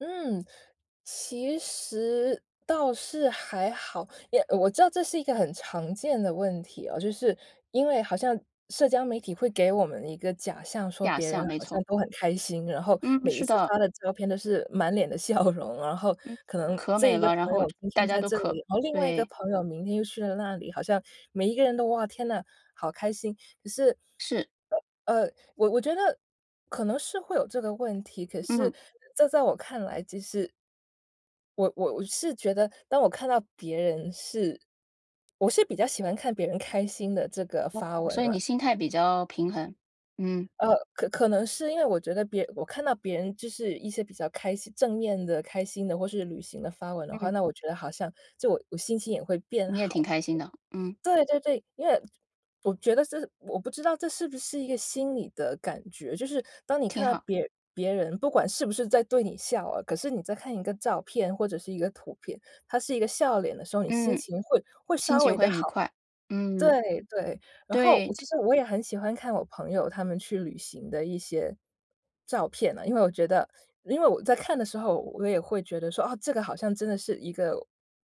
嗯。其实倒是还好，也我知道这是一个很常见的问题哦，就是因为好像社交媒体会给我们一个假象说假别人象，没好像错。都很开心，然后嗯，每一是次的。发的照片都是满脸的笑容。然后嗯，可能可这美一个了，然朋后友就今大天家在都这可里，然后另外一个对。朋友明天又去了那里，好像每一个人都哇，天哪，好开心，可是是。呃，我我觉得可能是会有这个问题，可是嗯。这在我看来，其实我我我是觉得，当我看到别人是我是比较喜欢看别人开心的这个哦。发文所以你了。心态比较平衡，嗯。呃，可可能是因为我觉得别我看到别人就是一些比较开心，正面的开心的，或是旅行的发文的话，嗯。那我觉得好像就我心情也会变你也挺好。开心的，嗯。对对对，因为我觉得是我不知道这是不是一个心理的感觉，就是当你看挺到好。别别人不管是不是在对你笑啊，可是你在看一个照片或者是一个图片，它是一个笑脸的时候，你心嗯。情会会心稍情微地会愉好。快。对，嗯。对，然后，对。其实我也很喜欢看我朋友他们去旅行的一些照片啊，因为我觉得因为我在看的时候我也会觉得说，啊，这个好像真的是一个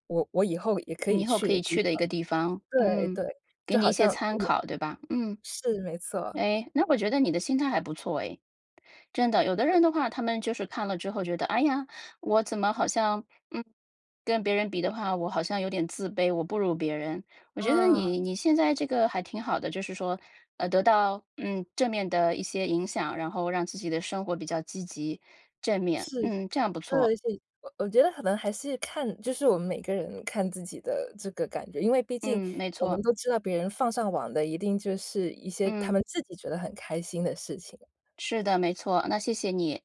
我我以后也可你以以后去可的以地去的一方。个地方，对，嗯，对，给就你好一些像参 [unintelligible] 考，对吧？嗯。是，没错。哎，那我觉得你的心态还不错哎。真的，有的人的话，他们就是看了之后觉得：“哎呀，我怎么好像，嗯，跟别人比的话，我好像有点自卑，我不如别人。“我觉得啊。你你现在这个还挺好的，就是说，呃，得到嗯，正面的一些影响，然后让自己的生活比较积极、正面。是，嗯，这样不错。对。所以，我我觉得可能还是看就是我们每个人看自己的这个感觉。因为毕竟嗯，没我们错。都知道别人放上网的一定就是一些他嗯。们自己觉得很开心的事情。是的，没错，那谢谢你。